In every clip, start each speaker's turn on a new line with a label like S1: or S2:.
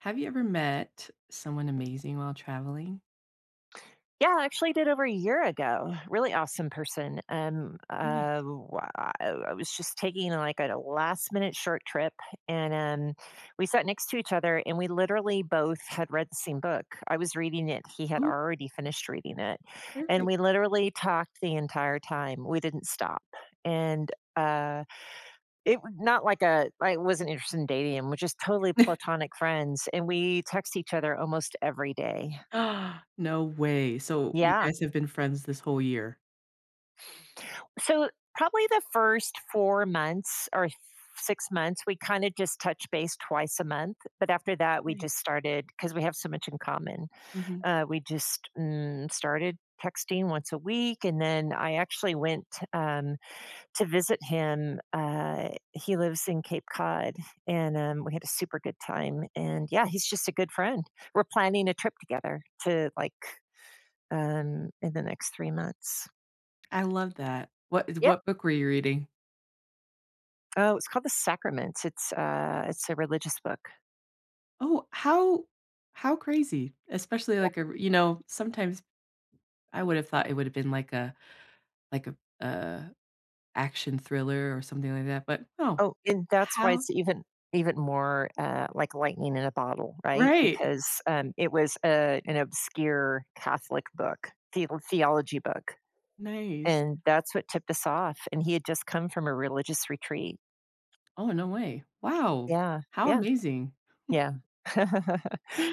S1: Have you ever met someone amazing while traveling?
S2: Yeah, I actually did over a year ago. Really awesome person, um, ah,
S1: Nice.
S2: wha ah I w I was just taking, like, a last-minute short trip, and, um, we sat next to each other, and we literally both had read the same book. I was reading it, he had
S1: Ooh.
S2: already finished reading it, and
S1: Perfect.
S2: we literally talked the entire time, we didn't stop. And, uh, it not like a I wasn't interested in dating him, we're just totally platonic friends, and we text each other almost every day.
S1: No way, so you
S2: Yeah.
S1: guys have been friends this whole year?
S2: So, probably the first 4 months or s six months, we kinda just touched base twice a month, but after that, we just
S1: Nice.
S2: started, 'cause we have so much in common.
S1: Mhm.
S2: Uh, we just, mm, started texting once a week, and then I actually went, um, to visit him, uh, he lives in Cape Cod, and, um, we had a super good time, and, yeah, he's just a good friend. We're planning a trip together to like, um, in the next 3 months.
S1: I love that. What is
S2: Yep.
S1: what book were you reading?
S2: Oh, it's called The Sacraments. It's a it's a religious book.
S1: Oh, how how crazy? Especially,
S2: Yeah.
S1: like, a you know, sometimes, I would have thought it woulda been like a like a, uh, action thriller or something like that. But, oh.
S2: Oh, and that's why
S1: How
S2: it's even even more, uh, like lightning in a bottle. Right?
S1: Right eh.
S2: Because, um, it was, uh, an obscure Catholic book, theo theology book,
S1: Nice.
S2: and that's what tipped us off. And he had just come from a religious retreat.
S1: Oh, no way. Wow.
S2: Yeah.
S1: How
S2: Yeah.
S1: amazing.
S2: Yeah.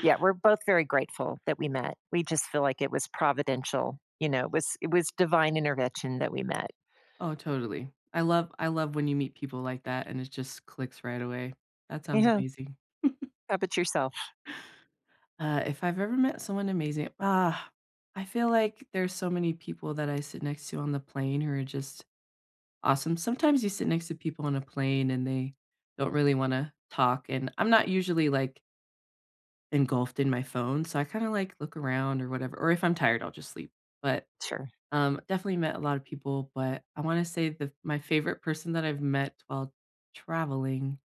S2: Yeah. We're both very grateful that we met. We just feel like it was providential. You know? It was it was divine intervention that we met.
S1: Oh, totally. I love I love when you meet people like that, and it just clicks right away. That sounds
S2: Yeah.
S1: amazing.
S2: How about yourself?
S1: Uh, if I've ever met someone amazing ah, I feel like there's so many people that I sit next to on the plane who are just awesome. Sometimes you sit next to people on a plane, and they don't really wanna talk. And I'm not usually, like engulfed in my phone, so I kinda, like, look around or whatever. Or if I'm tired, I'll just sleep. But,
S2: Sure.
S1: um, definitely met a lot of people. But I wanna say the my favorite person that I've met while traveling,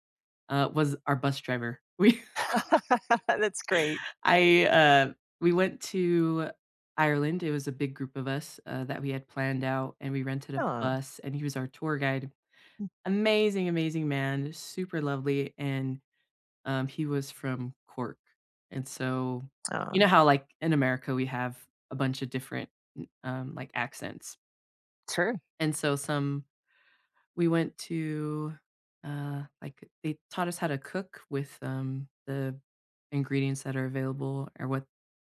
S1: uh, was our bus driver. We
S2: That's great.
S1: I, uh we went to Ireland. It was a big group of us, uh, that we had planned out, and we rented a
S2: Aw.
S1: bus, and he was our tour guide. Amazing, amazing man. Super lovely. And, um, he was from Cork. And so, you
S2: Aw.
S1: know how, like, in America, we have a bunch of different, n um, like, accents?
S2: Sure.
S1: And so some we went to, uh like, they taught us how to cook with, um, the ingredients that are available or what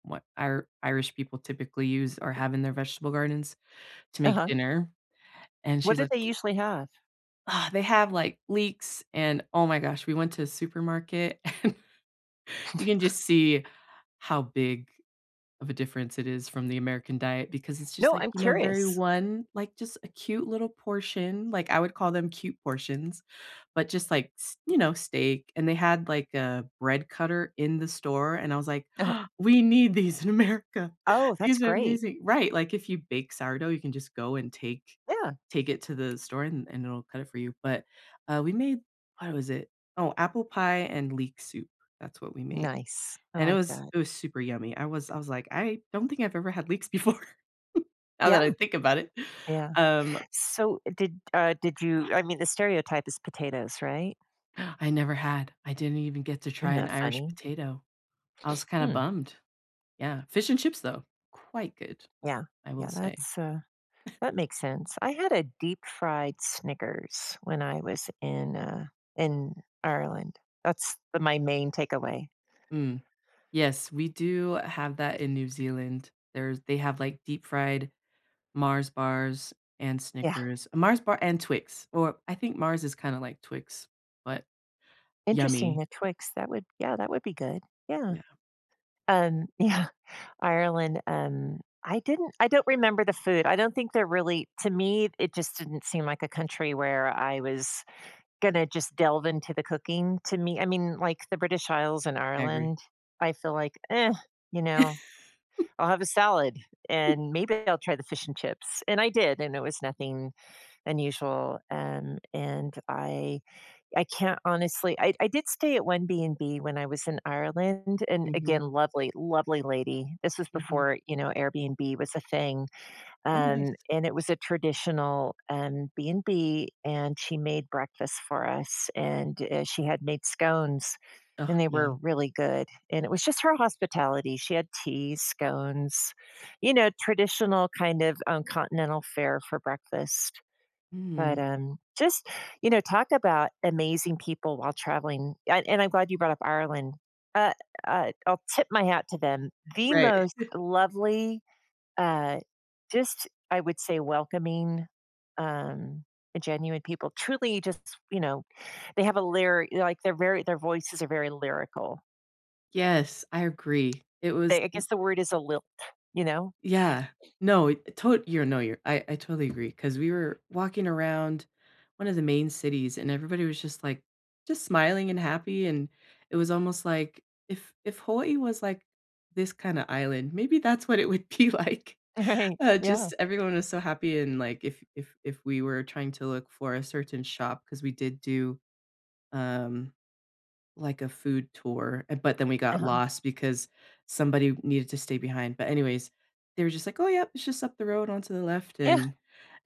S1: what Ir Irish people typically use or have in their vegetable gardens to make
S2: Uh-huh.
S1: dinner, and
S2: What
S1: she's
S2: do
S1: like
S2: they usually have?
S1: Ugh, they have, like, leeks and Oh my gosh, we went to a supermarket and you can just see how big of a difference it is from the American diet, because it's just,
S2: No,
S1: like,
S2: I'm
S1: you know, very
S2: curious.
S1: one like, just a cute little portion, like, I would call them cute portions, but just, like, s you know, steak, and they had, like, a bread cutter in the store, and I was like,
S2: Uh-huh.
S1: "We need these in America,
S2: Oh, that's
S1: these are
S2: great.
S1: amazing" Right, like, if you bake sourdough, you can just go and take
S2: Yeah.
S1: take it to the store and and it'll cut it for you, but, uh, we made what was it? Oh, apple pie and leek soup, that's what we made,
S2: Nice, I
S1: and it
S2: like
S1: was
S2: that.
S1: it was super yummy, I was I was like, "I don't think I've ever had leeks before, now
S2: Yeah.
S1: that I think about it,"
S2: Yeah,
S1: um
S2: so did uh, did you I mean, the stereotype is potatoes, right?
S1: I never had. I didn't even get to try
S2: Isn't
S1: an
S2: that
S1: Irish
S2: funny?
S1: potato. I was kinda
S2: Mm.
S1: bummed. Yeah. Fish and chips, though. Quite good,
S2: Yeah.
S1: I will
S2: Yeah,
S1: say.
S2: that's, uh that makes sense. I had a deep-fried Snickers when I was in, uh, in Ireland. That's the my main takeaway.
S1: Mm. Yes, we do have that in New Zealand. There's they have, like, deep-fried Mars bars and
S2: Yeah.
S1: Snickers. Mars bar and Twix. Or I think Mars is kinda like Twix, but
S2: Interesting,
S1: yummy.
S2: the Twix. That would yeah, that would be good, yeah.
S1: Yeah.
S2: Um, yeah. Ireland, um, I didn't I don't remember the food. I don't think they're really to me, it just didn't seem like a country where I was gonna just delve into the cooking to me. I mean, like, the British Isles in
S1: I agree.
S2: Ireland, I feel like, eh, you know? I'll have a salad, and maybe I'll try the fish and chips. And I did, and it was nothing unusual. And and I I can't honestly I I did stay at one BnB when I was in Ireland. And, again,
S1: Mhm.
S2: lovely, lovely lady. This was
S1: Mhm.
S2: before, you know, Airbnb was a thing.
S1: Oh, nice.
S2: Um, and it was a traditional, um, BnB, and she made breakfast for us, and, eh, she had made scones,
S1: Ah,
S2: and they were
S1: yum.
S2: really good. And it was just her hospitality. She had teas, scones, you know, traditional kind of, um, continental fare for breakfast. But,
S1: Mhm.
S2: um, just, you know, talk about amazing people while traveling. I and I'm glad you brought up Ireland. Uh, uh, I'll tip my hat to them. The
S1: Right.
S2: most lovely, uh, just, I would say, welcoming, um, a genuine people. Truly just, you know, they have a lyri like, their very their voices are very lyrical.
S1: Yes, I agree. It was
S2: They I
S1: m
S2: guess the word is a lilt. You know?
S1: Yeah. No. I it to you're no, your I I totally agree 'cause we were walking around one of the main cities, and everybody was just, like, just smiling and happy. And it was almost like if if Hawaii was like, this kinda island, maybe that's what it would be like.
S2: Right.
S1: Uh,
S2: Yeah.
S1: just everyone was so happy and, like, if if if we were trying to look for a certain shop 'cause we did do, um, like, a food tour, uh, but then we got
S2: Uh-huh.
S1: lost because somebody needed to stay behind. But, anyways, they were just like, "Oh, yep. It's just up the road onto the left."
S2: Yeah.
S1: And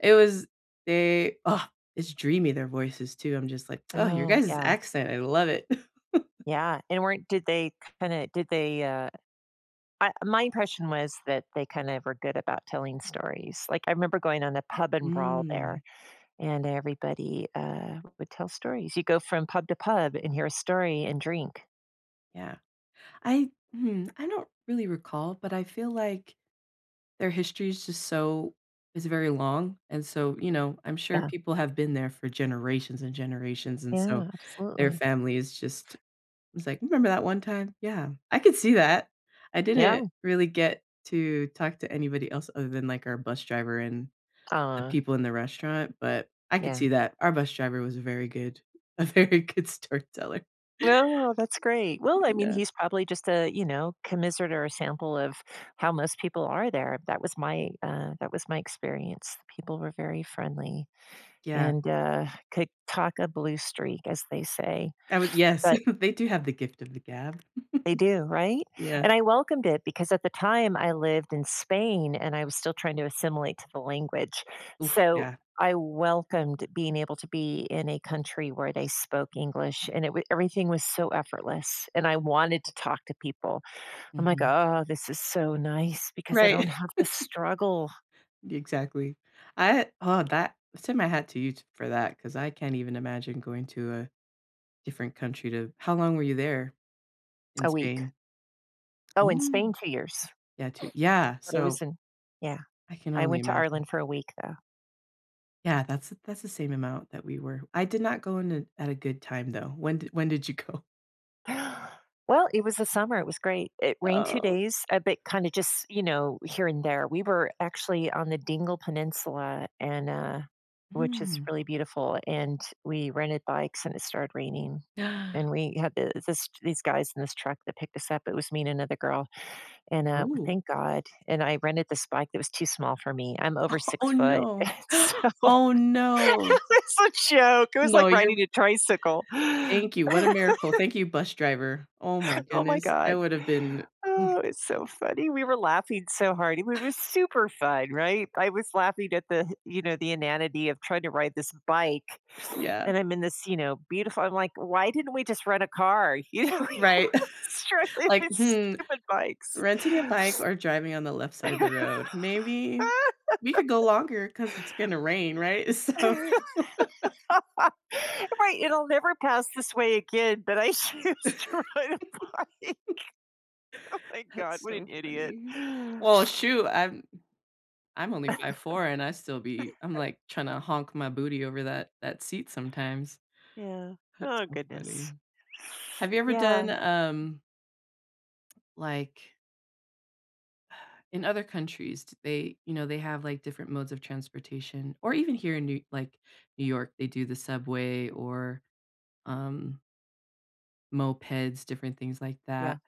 S1: it was they, uh, it's dreamy their voices too. I'm just like, "Oh, your
S2: Oh,
S1: guys'
S2: yeah.
S1: accent. I love it."
S2: Yeah. And weren't did they kinda did they, uh uh, my impression was that they kinda were good about telling stories. Like, I remember going on the pub and brawl
S1: Mm.
S2: there, and everybody, uh, would tell stories. You go from pub to pub and hear a story and drink.
S1: Yeah. I hmm, I don't really recall, but I feel like their history is just so is very long. And so, you know, I'm sure
S2: Yeah.
S1: people have been there for generations and generations, and so
S2: Yeah.
S1: their
S2: Absolutely.
S1: family is just it was like, "Remember that one time?" Yeah. I could see that. I didn't
S2: Yeah.
S1: really get to talk to anybody else other than, like, our bus driver and the
S2: Aw.
S1: people in the restaurant, but I could
S2: Yeah.
S1: see that. Our bus driver was a very good a very good storyteller.
S2: No, that's great. Well, I mean,
S1: Yeah.
S2: he's probably just a, you know, commiserate or a sample of how most people are there. That was my, uh, that was my experience. People were very friendly
S1: Yeah.
S2: and, uh, could talk a blue streak, as they say,
S1: I would yes.
S2: but
S1: They do have the gift of the gab.
S2: They do, right?
S1: Yeah.
S2: And I welcomed it because at the time, I lived in Spain, and I was still trying to assimilate to the language.
S1: Oof.
S2: So,
S1: Yeah.
S2: I welcomed being able to be in a country where they spoke English, and it wa everything was so effortless, and I wanted to talk to people. I'm like,
S1: Mhm.
S2: "Oh, this is so nice because I
S1: Right.
S2: don't have to struggle."
S1: Exactly. I uh, oh, that. I send my hat to you t for that 'cause I can't even imagine going to a different country to how long were you there in
S2: A week.
S1: Spain?
S2: Oh, in Spain?
S1: Mm.
S2: 2 years.
S1: Yeah to Yeah.
S2: But it was
S1: So
S2: in yeah.
S1: I can
S2: I
S1: only
S2: went to
S1: imagine.
S2: Ireland for a week, though.
S1: Yeah, that's th that's the same amount that we were I did not go in a at a good time, though, when d when did you go?
S2: Well, it was a summer, it was great, it rained two
S1: Oh.
S2: days, a bit, kinda just you know, here and there, we were actually on the Dingle Peninsula and, uh which is
S1: Hmm.
S2: really beautiful, and we rented bikes, and it started raining,
S1: Ah.
S2: and we had the this these guys in this truck that picked us up. It was me and another girl, and, uh, w
S1: Ooh.
S2: thank god, and I rented this bike that was too small for me, I'm over 6
S1: Oh,
S2: foot,
S1: no.
S2: and so,
S1: Oh, no.
S2: it was a joke. It was
S1: No.
S2: like
S1: You're
S2: riding a tricycle.
S1: Thank you, what a miracle, "Thank you, bus driver," oh, my
S2: Oh my
S1: goodness, I
S2: god.
S1: would have been Mm.
S2: Oh, it's so funny, we were laughing so hard. It w were super fun, right, I was laughing at the, you know, the inanity of trying to ride this bike,
S1: Yeah.
S2: and I'm in this, you know, beautiful I'm like, "Why didn't we just rent a car," you know, you
S1: Right.
S2: wanna struggling
S1: Like,
S2: with
S1: "Hmm,
S2: stupid bikes.
S1: renting a bike or driving on the left side of the road, maybe, we could go longer 'cause it's gonna rain," right, so
S2: Right, it'll never pass this way again, but I choose to ride a bike. Oh my god.
S1: That's
S2: What an
S1: so
S2: idiot.
S1: funny. Well, shoot. I'm I'm only 5' 4", and I still be I'm, like, tryna honk my booty over that that seat sometimes.
S2: Yeah.
S1: That's
S2: Oh
S1: so funny.
S2: goodness.
S1: Have you ever
S2: Yeah.
S1: done, um like In other countries, t they you know, they have, like, different modes of transportation, or even here in New like, New York, they do the subway or, um mopeds, different things like
S2: Yeah.
S1: that.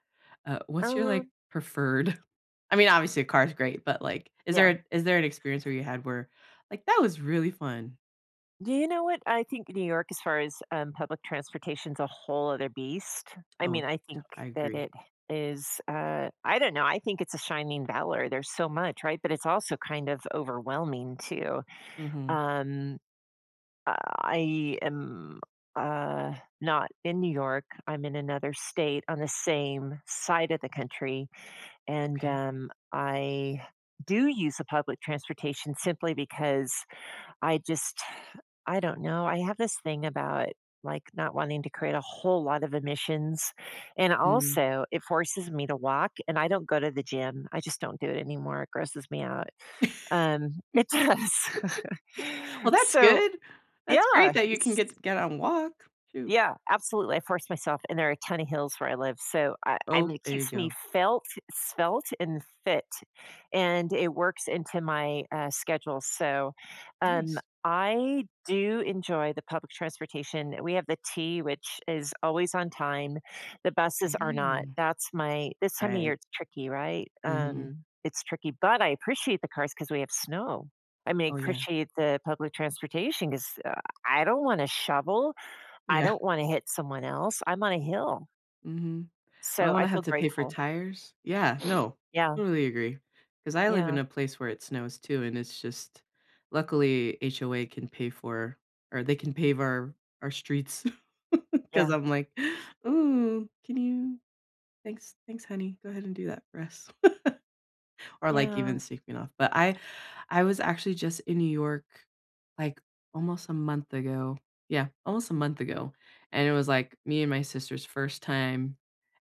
S1: Uh, what's your, like,
S2: Um
S1: preferred I mean, obviously, a car is great, but, like, is there
S2: Yeah.
S1: a is there an experience where you had where, "Like, that was really fun!"
S2: Do you know what, I think New York, as far as, um, public transportation's a whole other beast. I
S1: Oh,
S2: mean, I
S1: to
S2: think
S1: I
S2: that
S1: agree.
S2: it is, uh, I don't know, I think it's a shining valor, there's so much, right, but it's also kind of overwhelming too,
S1: Mhm.
S2: um, I am, uh, not in New York, I'm in another state on the same side of the country, and,
S1: Okay.
S2: um, I do use a public transportation, simply because I just I don't know, I have this thing about, like, not wanting to create a whole lot of emissions, and,
S1: Mm.
S2: also, it forces me to walk, and I don't go to the gym, I just don't do it anymore, it grosses me out, um, it does,
S1: Well, that's
S2: so,
S1: good. That's
S2: yeah,
S1: great that you can
S2: it's
S1: get get out and walk. Shoot.
S2: Yeah, absolutely, I force myself, and there are a ton of hills where I live, so, I I
S1: Oh,
S2: mean, it
S1: there you
S2: keeps me
S1: go.
S2: felt, svelte, and fit, and it works into my, uh, schedule, so, um,
S1: Nice.
S2: I do enjoy the public transportation, we have the T, which is always on time, the buses are not,
S1: Mhm.
S2: that's my This time of year,
S1: Right.
S2: it's tricky, right,
S1: Mhm.
S2: um, it's tricky, but I appreciate the cars 'cause we have snow, I may
S1: Oh yeah.
S2: appreciate the public transportation, 'cause, uh, I don't wanna shovel. I
S1: Yeah.
S2: don't wanna hit someone else, I'm on a hill.
S1: Mhm. I don't
S2: So, I
S1: wanna have
S2: feel
S1: to pay for
S2: grateful.
S1: tires. Yeah, no,
S2: Yeah.
S1: totally agree. 'Cause I live
S2: Yeah.
S1: in a place where it snows too, and it's just luckily, HOA can pay for or they can pave our our streets 'cause
S2: Yeah.
S1: I'm like, "Ooh, can you thanks thanks, honey. Go ahead and do that for us." Or, like, even
S2: Yeah.
S1: sweeping off. But I I was actually just in New York, like, almost a month ago. Yeah, almost a month ago, and it was, like, me and my sister's first time.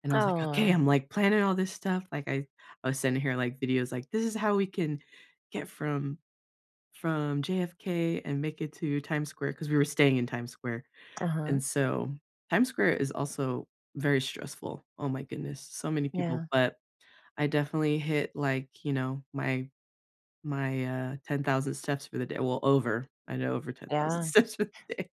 S1: And I was like, "Okay.
S2: Aw.
S1: I'm, like, planning all this stuff." Like, I I was sending her, like, videos, like, "This is how we can get from from JFK and make it to Times Square." 'Cause we were staying in Times Square.
S2: Uh-huh.
S1: And so Times Square is also very stressful, oh my goodness. So many people,
S2: Yeah.
S1: but I definitely hit, like, you know, my my, uh, 10,000 steps for the da well, over. I know over 10,000
S2: Yeah.
S1: steps for the day.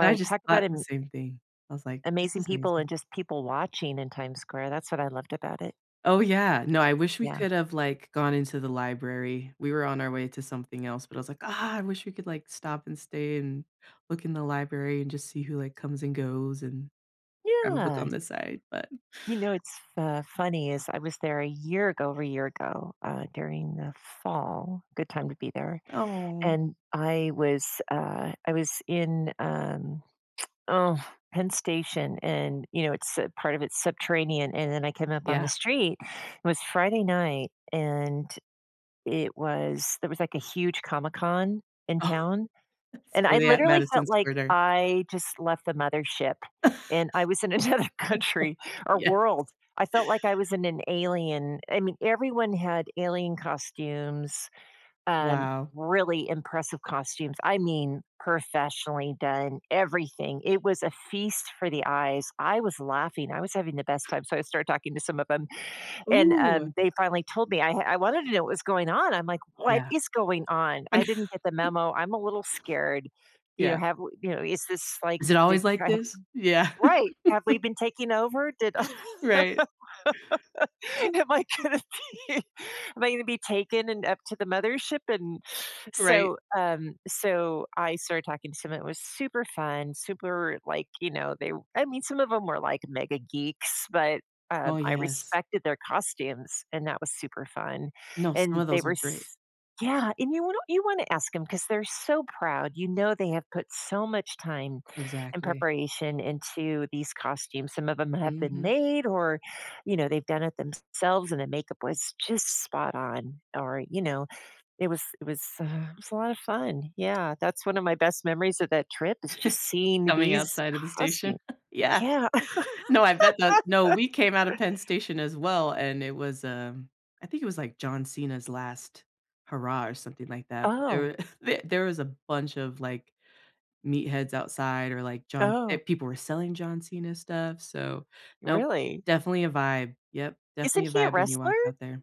S1: But I just
S2: talk about
S1: thought the
S2: am
S1: same thing, I was like, "This
S2: amazing
S1: is
S2: people
S1: amazing."
S2: and just people watching in Times Square, that's what I loved about it.
S1: Oh, yeah no, I wish we
S2: Yeah.
S1: could have, like, gone into the library, we were on our way to something else, but I was like, "Ah! I wish we could," like, "stop, and stay, and look in the library and just see who," like, "comes and goes and have a book on
S2: Yeah.
S1: the side." But
S2: You know, it's fa funny is, I was there a year ago over a year ago, uh, during the fall- good time to be there-
S1: Aw.
S2: and I was, uh I was in, um oh, Penn Station, and, you know, it's uh, part of it's subterranean, and then I came up on the
S1: Yeah.
S2: street it was Friday night, and it was there was, like, a huge Comic Con in
S1: Oh
S2: town.
S1: s
S2: And
S1: were
S2: I,
S1: they at
S2: literally,
S1: Madison
S2: felt like
S1: Square Gar
S2: I just left the mother ship, and I was in another country or
S1: Yes.
S2: world, I felt like I was in an alien I mean, everyone had alien costumes, um
S1: Wow.
S2: really impressive costumes, I mean, professionally done everything it was a feast for the eyes, I was laughing, I was having the best time, so I started talking to some of 'em, and,
S1: Ooh.
S2: um, they finally told me I ha I wanted to know what was going on, I'm like, "What
S1: Yeah.
S2: is going on?
S1: I kn
S2: I didn't get the memo, I'm a little scared," you know,
S1: Yeah.
S2: "have we" you know, "is this like
S1: Is it always
S2: did"
S1: like
S2: right
S1: this? Yeah.
S2: right! "Have we been taking over? Did
S1: Right.
S2: am I gonna be am I gonna be taken and up to the mothership?" And
S1: Right.
S2: so, um so I started talking to someone, it was super fun, super like, you know, they r I mean, some of them were, like, mega-geeks, but, um,
S1: Oh,
S2: I
S1: yes.
S2: respected their costumes, and that was super fun,
S1: No, some
S2: and
S1: of
S2: they
S1: those are
S2: were
S1: great.
S2: s yeah, and you wan you wanna ask 'em, 'cause they're so proud, you know they have put so much time and
S1: Exactly.
S2: preparation into these costumes, some of them have been
S1: Mhm.
S2: made, or you know, they've done it thems selves, and the makeup was just spot on or you know, it was it was, uh it was a lot of fun yeah, that's one of my best memories of that trip is just seeing
S1: Coming
S2: these
S1: outside of the
S2: costume
S1: station? Yeah.
S2: yeah.
S1: No, I bet that no, we came out of Penn Station, as well, and it was, um I think it was, like, John Cena's last hurrah or something like that? But,
S2: Oh.
S1: there th there was a bunch of, like, meatheads outside or, like, John
S2: Oh.
S1: eh-people were selling John Cena stuff, so nope,
S2: Really?
S1: definitely a vibe yep, definitely
S2: Isn't
S1: a
S2: he a
S1: vibe when you
S2: wrestler?
S1: walk out there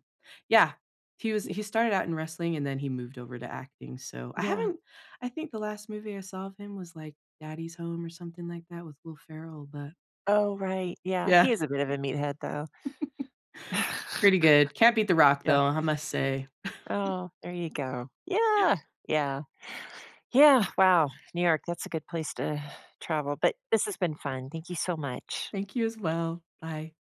S1: yeah, he was
S2: Ye
S1: he started out in wrestling, and then he moved over to acting, so I
S2: yeah.
S1: haven't I think the last movie I saw of him was, like, Daddy's Home? Or something like that with Will Ferrell? But
S2: Oh, right yeah,
S1: Yeah.
S2: he is a bit of a meathead, though.
S1: Pretty good, can't beat The Rock,
S2: Yeah.
S1: though, hu must say.
S2: Oh, there you go yeah, yeah. Yeah, wow, New York, that's a good place to travel, but this has been fun, thank you so much.
S1: Thank you as well, bye.